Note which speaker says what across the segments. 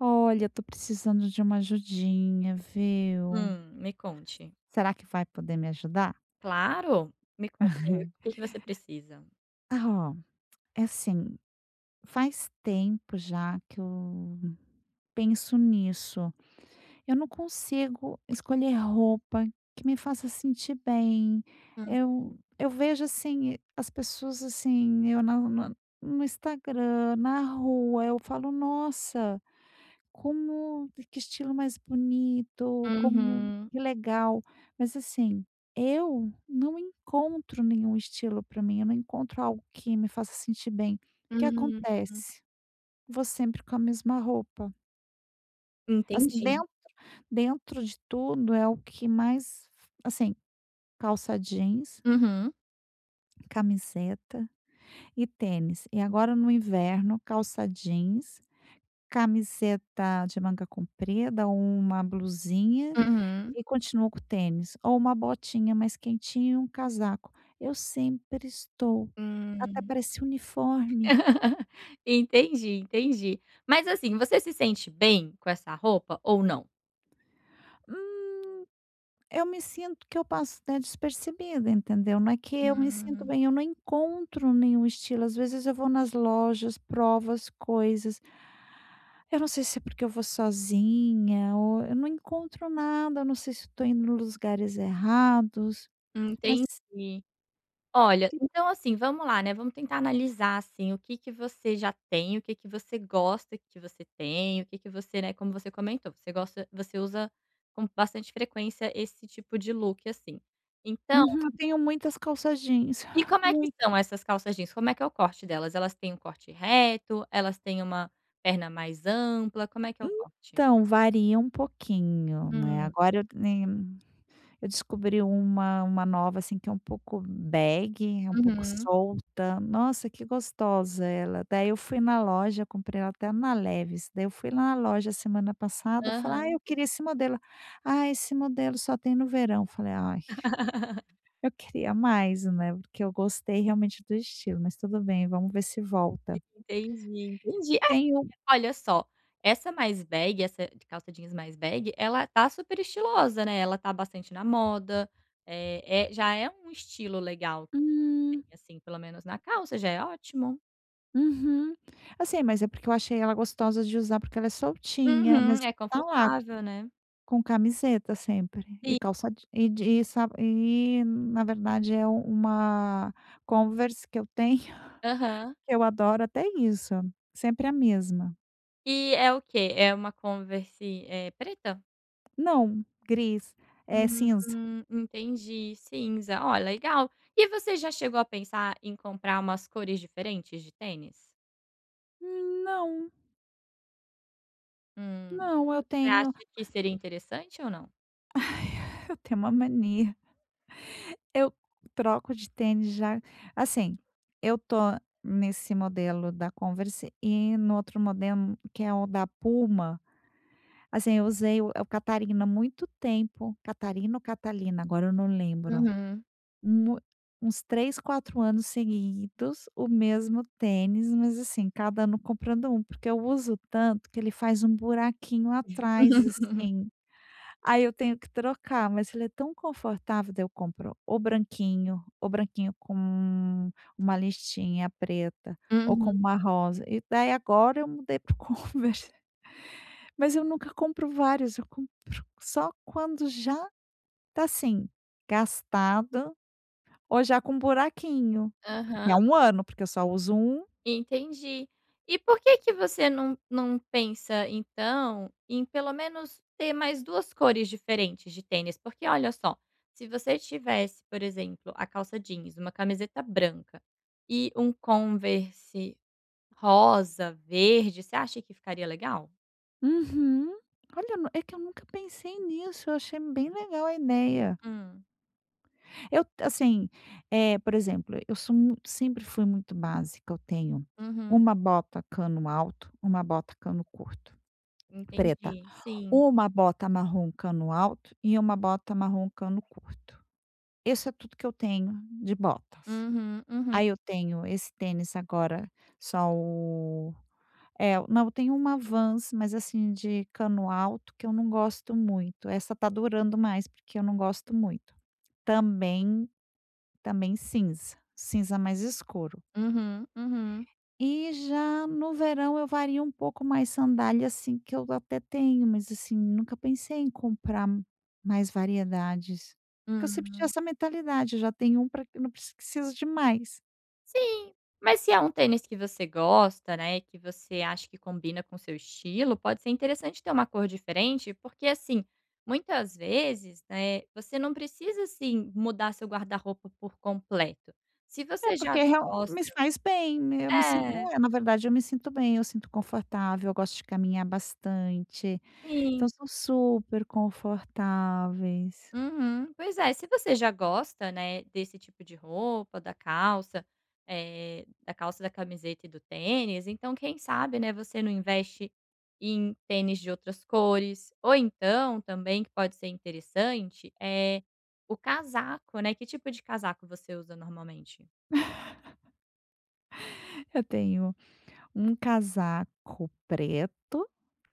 Speaker 1: Olha, tô precisando de uma ajudinha, viu.
Speaker 2: Hum, me conte.
Speaker 1: Será que vai poder me ajudar?
Speaker 2: Claro! Me conta aí, o que que você precisa?
Speaker 1: Ah oh, é assim, faz tempo já que eu penso nisso, eu não consigo escolher roupa que me faça sentir bem.
Speaker 2: Hum.
Speaker 1: Eu eu vejo, assim, as pessoas, assim, eu na no no Instagram, na rua, eu falo: "Nossa, como que estilo mais bonito, como
Speaker 2: Uhum.
Speaker 1: que legal". Mas assim, eu não encontro nenhum estilo pra mim, eu não encontro algo que me faça sentir bem. O que
Speaker 2: Uhum.
Speaker 1: acontece, vou sempre com a mesma roupa. Assim,
Speaker 2: Entendi.
Speaker 1: dentro dentro de tudo é o que mais f assim, calça jeans
Speaker 2: Uhum.
Speaker 1: camiseta e tênis. E agora no inverno, calça jeans, camiseta de manga comprida ou uma blusinha,
Speaker 2: Uhum.
Speaker 1: e continuo com o tênis. Ou uma botinha mais quentinha e um casaco. Eu sempre estou até
Speaker 2: Hum.
Speaker 1: parece uniforme.
Speaker 2: Entendi, entendi. Mas assim, você se sente bem, com essa roupa, ou não?
Speaker 1: Hum, eu me sinto que eu passo até despercebida, entendeu? Não é que eu me sinto
Speaker 2: Hum.
Speaker 1: bem, eu não encontro nenhum estilo. Às vezes eu vou nas lojas, provo as coisas eu não sei se é porque eu vou sozinha ou eu não encontro nada, eu não sei se eu tô indo nos lugares errados, mas
Speaker 2: Entendi. Olha,
Speaker 1: Sim.
Speaker 2: então assim, vamos lá né, vamos tentar analisar, assim, o que que você já tem, o que que você gosta que você tem, o que que você né, como você comentou, você gosta você usa com bastante frequência esse tipo de look, assim, então
Speaker 1: Uhum. Eu tenho muitas calça jeans.
Speaker 2: E como é que
Speaker 1: Muito.
Speaker 2: são essas calças jeans? Como é que é o corte delas? Elas têm um corte reto, elas têm uma perna mais ampla, como é que é o corte?
Speaker 1: Então, varia um pouquinho, né,
Speaker 2: Hum.
Speaker 1: agora eu nem eu descobri uma uma nova, assim, que é um pouco bag, é um pouco
Speaker 2: Uhum.
Speaker 1: solta. Nossa, que gostosa ela. Daí eu fui na loja, comprei ela até na Levis, daí eu fui lá na loja semana passada falei: "Ah,
Speaker 2: Aham.
Speaker 1: eu queria esse modelo". "Ah, esse modelo só tem no verão", eu falei: "Ai, eu queria mais, né", porque eu gostei realmente do estilo, mas tudo bem vamos ver se volta.
Speaker 2: Entendi, entendi. É
Speaker 1: Tem um
Speaker 2: [unintelligible] olha só, essa mais bag, essa c calça jeans mais bag, ela tá super estilosa, né, ela tá bastante na moda. Eh, é, já é um estilo legal. Bem,
Speaker 1: Hum.
Speaker 2: assim, pelo menos na calça, já é ótimo.
Speaker 1: Uhum. Assim, mas é porque eu achei ela gostosa de usar, porque ela é soltinha. Mas
Speaker 2: Uhum.
Speaker 1: e
Speaker 2: É
Speaker 1: tá lá
Speaker 2: confortável, né?
Speaker 1: com camiseta sempre e
Speaker 2: Sim.
Speaker 1: calça je e de e sa e, na verdade é um uma Converse que eu tenho,
Speaker 2: Aham.
Speaker 1: que eu adoro. Até isso, sempre a mesma.
Speaker 2: E é o quê? É uma Converse, eh, preta?
Speaker 1: Não, gris. Eh, cinza.
Speaker 2: Hum, entendi, cinza. Oh, legal. E você já chegou a pensar em comprar umas cores diferentes de tênis?
Speaker 1: Hum, não.
Speaker 2: Hum.
Speaker 1: Não, eu
Speaker 2: Você acha
Speaker 1: tenho
Speaker 2: que seria interessante ou não?
Speaker 1: Eu tenho uma mania Eu troco de tênis já assim, eu tô nesse modelo da Converse e no outro modelo, que é o da Puma. Assim, eu usei o é o Catarina muito tempo. Catarina ou Catalina, agora eu não lembro.
Speaker 2: Uhum.
Speaker 1: Mui uns 3, 4 anos seguidos, o mesmo tênis, mas assim, cada ano comprando um, porque eu uso tanto que ele faz um buraquinho atrás, assim. Aí eu tenho que trocar. Mas ele é tão confortável. Daí eu compro o branquinho, o branquinho com um uma listinha preta, ou com
Speaker 2: Uhum.
Speaker 1: uma rosa, e daí agora eu mudei para o Converse. Mas eu nunca compro vários, eu compro só quando já tá assim, gastado ou já com um buraquinho. E é
Speaker 2: Aham.
Speaker 1: um ano, porque eu só uso um.
Speaker 2: Entendi. E por que que você não não pensa então em pelo menos ter mais duas cores diferentes de tênis? Porque olha só, se você tivesse, por exemplo, a calça jeans, uma camiseta branca e um Converse rosa, verde, você acha que ficaria legal?
Speaker 1: Uhum. Olha nu é que eu nunca pensei nisso, eu achei bem legal a ideia.
Speaker 2: Hum.
Speaker 1: Eu t assim, eh, por exemplo, eu sou mui sempre fui muito básica. Eu tenho
Speaker 2: Uhum.
Speaker 1: uma bota cano alto, uma bota cano curto preta,
Speaker 2: Entendi. Sim.
Speaker 1: uma bota marrom cano alto e uma bota marrom cano curto. Isso é tudo que eu tenho de botas.
Speaker 2: Uhum, uhum.
Speaker 1: Aí eu tenho esse tênis agora só o eh, eu não, eu tenho uma Vans, mas assim, de cano alto, que eu não gosto muito. Essa tá durando mais, porque eu não gosto muito. Também também cinza. Cinza mais escuro.
Speaker 2: Uhum, uhum.
Speaker 1: E já no verão eu vario um pouco mais. Sandália, assim, que eu até tenho, mas assim, nunca pensei em comprar mais variedades. Porque eu sempre tinha
Speaker 2: Hum.
Speaker 1: essa mentalidade: "já tem um, pra que eu não pre preciso de mais".
Speaker 2: Sim, mas se é um tênis que você gosta, né, que você acha que combina com o seu estilo, pode ser interessante ter uma cor diferente, porque assim muitas vezes, né, você não precisa, assim, mudar seu guarda-roupa por completo, se
Speaker 1: É
Speaker 2: você
Speaker 1: porque
Speaker 2: já
Speaker 1: é real
Speaker 2: gosta
Speaker 1: me faz bem, né, eu me sinto,
Speaker 2: é.
Speaker 1: eh, na verdade eu me sinto bem, eu sinto confortável, eu gosto de caminhar bastante,
Speaker 2: Sim.
Speaker 1: então são super confortáveis.
Speaker 2: Uhum, pois é, se você já gosta, né, desse tipo de roupa, da calça, eh, da calça, da camiseta e do tênis, então quem sabe, né, você não investe em tênis de outras cores, ou então também que pode ser interessante, eh, o casaco, né, que tipo de casaco você usa normalmente?
Speaker 1: Eu tenho 1 casaco preto,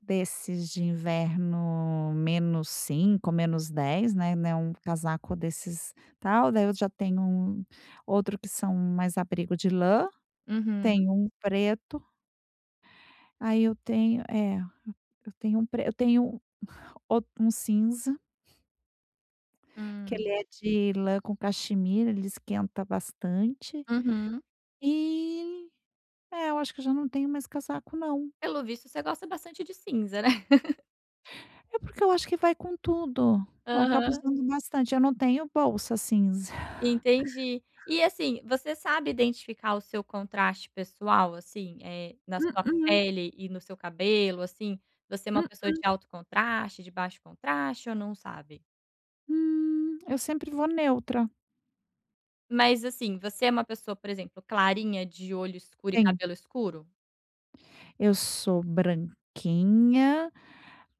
Speaker 1: desses de inverno -5° menos -10°, né, não é casaco desses tal, daí eu já tenho 1 outro que são mais abrigo de lã
Speaker 2: Uhum.
Speaker 1: tenho 1 preto. Aí eu tenho, eh, eu tenho 1 pre eu tenho, outro 1 cinza que ele
Speaker 2: Hum.
Speaker 1: é de lã com caxemira, ele esquenta bastante,
Speaker 2: Uhum.
Speaker 1: e é, eu acho que eu já não tenho mais casaco não.
Speaker 2: Pelo visto você gosta bastante de cinza, né.
Speaker 1: É porque eu acho que vai com tudo, eu acabo
Speaker 2: Aham.
Speaker 1: usando bastante, eu não tenho bolsa cinza.
Speaker 2: Entendi, e assim, você sabe identificar o seu contraste pessoal, assim, eh, na sua
Speaker 1: Mm-mm.
Speaker 2: pele e no seu cabelo, assim, você é uma pessoa de
Speaker 1: Mm-mm.
Speaker 2: alto contraste de baixo contraste ou não sabe?
Speaker 1: Hum, eu sempre vou neutra.
Speaker 2: Mas, assim, você é uma pessoa, por exemplo, clarinha de olho escuro e
Speaker 1: Sim.
Speaker 2: cabelo escuro?
Speaker 1: Eu sou branquinha,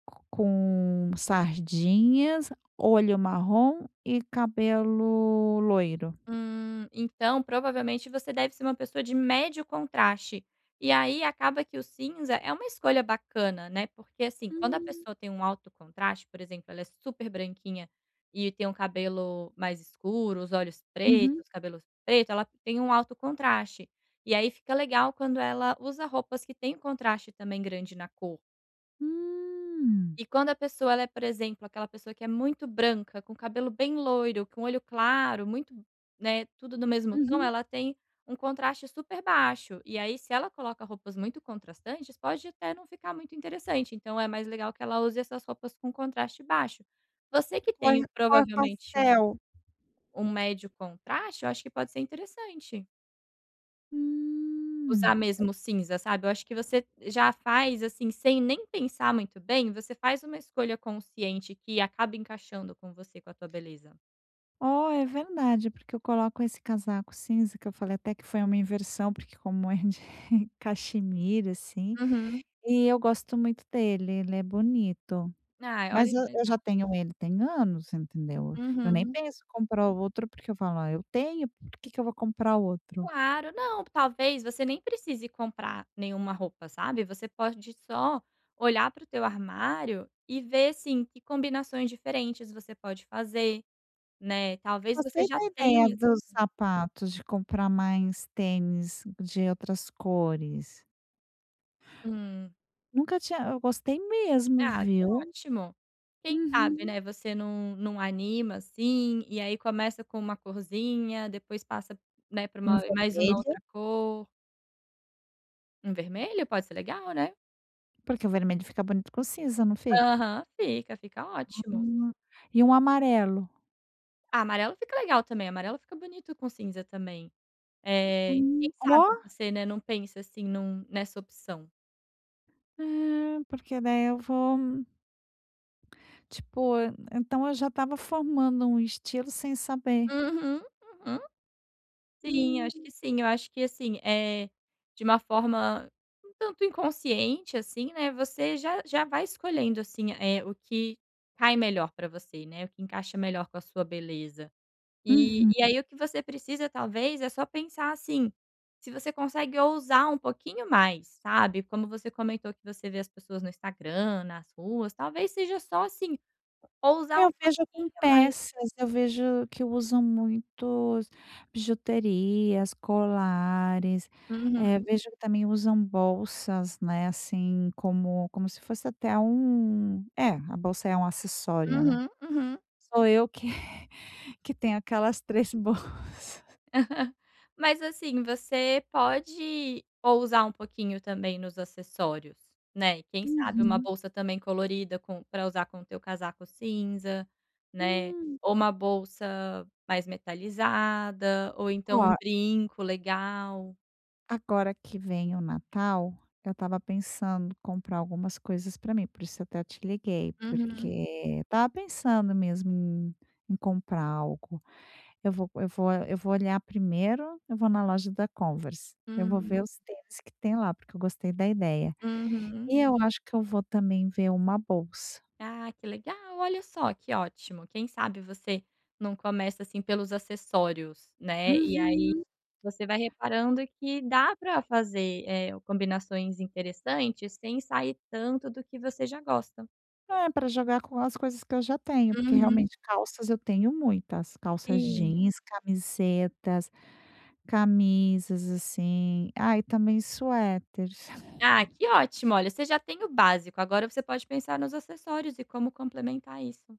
Speaker 1: co com sardinhas, olho marrom e cabelo loiro.
Speaker 2: Hum. Então, provavelmente você deve ser uma pessoa de médio contraste. E aí, acaba que o cinza é uma escolha bacana, né? Porque, assim, quando a
Speaker 1: Hum.
Speaker 2: pessoa tem um alto contraste por exemplo ela é super branquinha e tem um cabelo mais escuro, os olhos
Speaker 1: Uhum.
Speaker 2: pretos, cabelos preto, ela tem um alto contraste. E aí, fica legal quando ela usa roupas que têm contraste também grande na cor.
Speaker 1: Hum.
Speaker 2: E quando a pessoa ela é, por exemplo, aquela pessoa que é muito branca, com o cabelo bem loiro, com olho claro, muito né, tudo do mesmo tom,
Speaker 1: Uhum.
Speaker 2: ela tem um contraste super baixo. E aí se ela coloca roupas muito contrastantes, pode até não ficar muito interessante. Então, é mais legal que ela use essas roupas com um contraste baixo. Você que
Speaker 1: Põe
Speaker 2: tem
Speaker 1: cor
Speaker 2: provavelmente um
Speaker 1: pastel?
Speaker 2: um médio contraste, eu acho que pode ser interessante usar
Speaker 1: Hum.
Speaker 2: mesmo o cinza, sabe? Eu acho que você já faz, assim, sem nem pensar muito bem você faz uma escolha consciente, que acaba encaixando com você, com a tua beleza.
Speaker 1: Oh, é verdade. Porque eu coloco esse casaco cinza, que eu falei até que foi uma inversão, porque como é de caxemira, assim,
Speaker 2: Uhum.
Speaker 1: e eu gosto muito dele. Ele é bonito.
Speaker 2: Ah,
Speaker 1: Mas
Speaker 2: olha
Speaker 1: eu eu
Speaker 2: que
Speaker 1: eu
Speaker 2: legal.
Speaker 1: já tenho ele tem anos, entendeu? Eu nem
Speaker 2: Uhum.
Speaker 1: penso em comprar outro porque eu falo: "Ah, eu tenho por que que eu vou comprar outro?"
Speaker 2: Claro. Não, talvez você nem precise comprar nenhuma roupa, sabe? Você pode só olhar pro teu armário e ver, sim, que combinações diferentes você pode fazer, né. Talvez você
Speaker 1: Gostei
Speaker 2: já
Speaker 1: da ideia
Speaker 2: tenha, assim
Speaker 1: dos sapatos de comprar mais tênis de outras cores.
Speaker 2: Hum.
Speaker 1: Nunca tinha hã eu gostei mesmo,
Speaker 2: Ah, que
Speaker 1: viu.
Speaker 2: ótimo. Quem sabe,
Speaker 1: Uhum.
Speaker 2: né, você num num anima assim. E aí, começa com uma corzinha. Depois passa, né, pra
Speaker 1: Um
Speaker 2: uma mais uma
Speaker 1: vermelho?
Speaker 2: outra cor. Um vermelho? Pode ser legal, né?
Speaker 1: Porque o vermelho fica bonito com cinza, não fica?
Speaker 2: Aham. Fica, fica ótimo.
Speaker 1: Hum. E um amarelo?
Speaker 2: Amarelo fica legal também, amarelo fica bonito com cinza também. Eh, quem
Speaker 1: Hum,
Speaker 2: sabe
Speaker 1: oh.
Speaker 2: você, né, não pensa assim, num nessa opção.
Speaker 1: É, porque daí eu vou, hum Tipo, en então eu já estava um formando um estilo sem saber.
Speaker 2: Uhum, uhum. Sim, eu
Speaker 1: Hum.
Speaker 2: acho que sim. Eu acho que, assim, eh, de uma forma um tanto inconsciente, assim, né, você já já vai escolhendo, assim, eh, o que cai melhor para você, né, o que encaixa melhor com a sua beleza. E
Speaker 1: Uhum.
Speaker 2: e aí o que você precisa talvez é só pensar assim: "Se você consegue ousar um pouquinho mais", sabe, como você comentou que você vê as pessoas no Instagram, nas ruas, talvez seja só, assim, ousar um
Speaker 1: Eu vejo
Speaker 2: pouquinho
Speaker 1: com
Speaker 2: mais.
Speaker 1: peças, eu vejo que usam muitos bijuterias, colares.
Speaker 2: Uhum.
Speaker 1: Eh, vejo que também usam bolsas, né, assim, como como se fosse até um É, a bolsa é um acessório, né.
Speaker 2: Uhum, uhum.
Speaker 1: Sou eu que que tenho aquelas 3 bolsas.
Speaker 2: Mas assim, você pode ousar um pouquinho também nos acessórios, né? E quem sabe uma
Speaker 1: Uhum.
Speaker 2: bolsa também colorida com pra usar com o teu casaco cinza, né?
Speaker 1: Hum.
Speaker 2: Ou uma bolsa mais metalizada, ou então um
Speaker 1: Oh
Speaker 2: brinco legal.
Speaker 1: Agora que vem o Natal, eu estava pensando, comprar algumas coisas pra mim, por isso até te liguei.
Speaker 2: Uhum.
Speaker 1: Porque estava pensando mesmo em em comprar algo. Eu vou eu vou eu vou olhar. Primeiro, eu vou na loja da Converse, eu vou
Speaker 2: Hum.
Speaker 1: ver os tênis que tem lá, porque eu gostei da ideia.
Speaker 2: Uhum.
Speaker 1: E eu acho que eu vou também ver uma bolsa.
Speaker 2: Ah, que legal, olha só, que ótimo. Quem sabe você num começa, assim, pelos acessórios, né. E aí,
Speaker 1: Uhum.
Speaker 2: você vai reparando que dá para fazer, eh, combinações interessantes, sem sair tanto do que você já gosta.
Speaker 1: É, pra jogar com as coisas que eu já tenho, porque
Speaker 2: Uhum.
Speaker 1: realmente, calças eu tenho muitas. Calças
Speaker 2: Sim.
Speaker 1: jeans, camisetas, camisas, assim. Ah, e também suéters.
Speaker 2: Ah, que ótimo. Olha, você já tem o básico, agora você pode pensar nos acessórios e como complementar isso.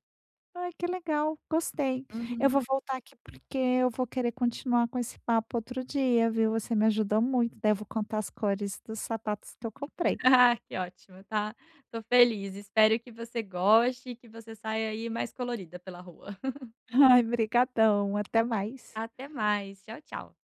Speaker 1: Ai que legal, gostei. Eu
Speaker 2: Uhum.
Speaker 1: vou voltar aqui porque eu vou querer continuar com esse papo outro dia viu, você me ajudou muito. Daí eu vou contar as cores dos sapatos que eu comprei.
Speaker 2: Ah, que ótimo. Tá tô feliz, espero que você goste e que você saia aí mais colorida, pela rua.
Speaker 1: Ai, obrigadão, até mais.
Speaker 2: Até mais. Tchau, tchau.